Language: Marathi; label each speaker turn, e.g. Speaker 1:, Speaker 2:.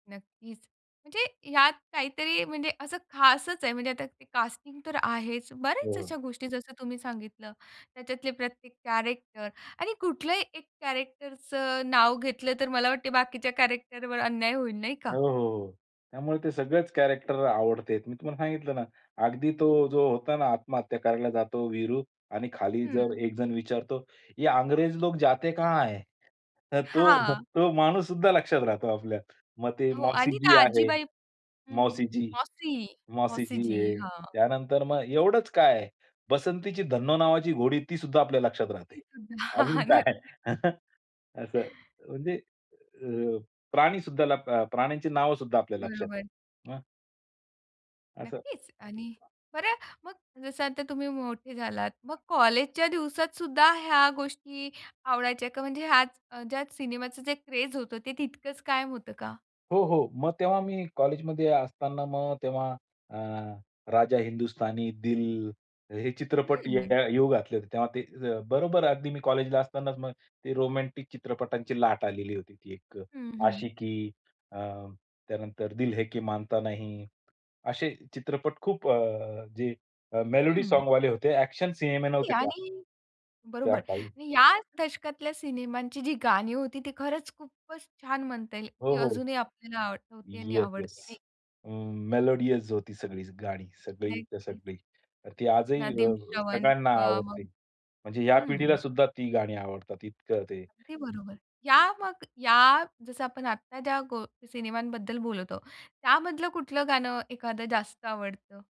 Speaker 1: नक्कीच. म्हणजे ह्यात काहीतरी म्हणजे असं खासच आहे, म्हणजे आता ते कास्टिंग तर आहेच. बऱ्याच
Speaker 2: हो.
Speaker 1: अशा गोष्टी जसं तुम्ही सांगितलं. त्याच्यातले प्रत्येक कॅरेक्टर आणि कुठलाही एक कॅरेक्टरचं नाव घेतलं तर मला वाटतं बाकीच्या कॅरेक्टरवर अन्याय होईल, नाही का?
Speaker 2: हो, हो, हो. त्यामुळे ते सगळेच कॅरेक्टर आवडते आहेत. मी तुम्हाला सांगितलं ना, अगदी तो जो होता ना, आत्महत्या करायला जातो वीरू आणि खाली जर
Speaker 1: हं.
Speaker 2: एक जण विचारतो, "ये अंग्रेज लोक जाते कहां है?" तर तो
Speaker 1: हां.
Speaker 2: तो माणूससुद्धा लक्षात राहतो आपल्या. मग ते
Speaker 1: हो आणि त्या
Speaker 2: मौसीजी आहे,
Speaker 1: आजीबाई हं.
Speaker 2: मौसीजी,
Speaker 1: मौसी, मौसीजी,
Speaker 2: मौसीजी आहे.
Speaker 1: हां.
Speaker 2: त्यानंतर मग एवढंच काय, बसंतीची धन्नो नावाची घोडी ती सुद्धा आपल्या लक्षात राहते.
Speaker 1: तेच [unintelligible] ना. हां,
Speaker 2: अजून
Speaker 1: हां.
Speaker 2: काय?
Speaker 1: नक्कीच.
Speaker 2: असं. म्हणजे अ, प्राणी सुद्धा लप प्राण्यांची नावं सुद्धा आपल्या लक्षात आहेत.
Speaker 1: बरोबर.
Speaker 2: मग असं
Speaker 1: नक्कीच. आणि बरं मग जसं आता तुम्ही मोठे झालात. मग कॉलेजच्या दिवसात सुद्धा ह्या गोष्टी आवडायच्या का? म्हणजे ह्याच अ, ज्यात सिनेमाचं जे क्रेझ होतं, ते तितकंच कायम होतं का?
Speaker 2: हो, हो. मग तेव्हा मी कॉलेजमध्ये असतांना मग तेव्हा अ, राजा हिंदुस्थानी, दिल हे चित्रपट य
Speaker 1: हं, हं.
Speaker 2: येऊ घातले होते. तेव्हा ते बरोबर अगदी मी कॉलेजला असतांनाच मग ते रोमॅन्टिक चित्रपटांची लाट आलेली होती. ती एक
Speaker 1: हं, हं.
Speaker 2: आशिकी अ, त्यानंतर दिल है की मानता नही असे चित्रपट खूप अ, जे मेलडी
Speaker 1: हं.
Speaker 2: सॉंगवाले होते. ॲक्शन सिनेमे नव्हते तेव्हा.
Speaker 1: आणि
Speaker 2: त्या
Speaker 1: बरोबर.
Speaker 2: काळी.
Speaker 1: आणि या दशकातल्या सिनेमांची जी गाणी होती ती खरंच खूपच छान म्हणता येईल.
Speaker 2: हो,
Speaker 1: ती
Speaker 2: हो.
Speaker 1: अजूनही आपल्याला आठवते आणि
Speaker 2: येस, येस.
Speaker 1: आवडते नाही
Speaker 2: अ, मेलोडियस होती सगळीच गाणी, सगळीच्या
Speaker 1: नक्कीच.
Speaker 2: सगळी. ती आजही अ,
Speaker 1: "नदीम श्रवण"
Speaker 2: सगळ्यांना
Speaker 1: किंवा
Speaker 2: आवडते.
Speaker 1: मग
Speaker 2: म्हणजे या पिढीला
Speaker 1: हं.
Speaker 2: सुद्धा ती गाणी आवडतात इतकं ते.
Speaker 1: अगदी बरोबर. या मग, या जसं आपण आत्ता ज्या गो सिनेमांबद्दल बोलत आहोत, त्यामधलं कुठलं गाणं एखादं जास्त आवडतं?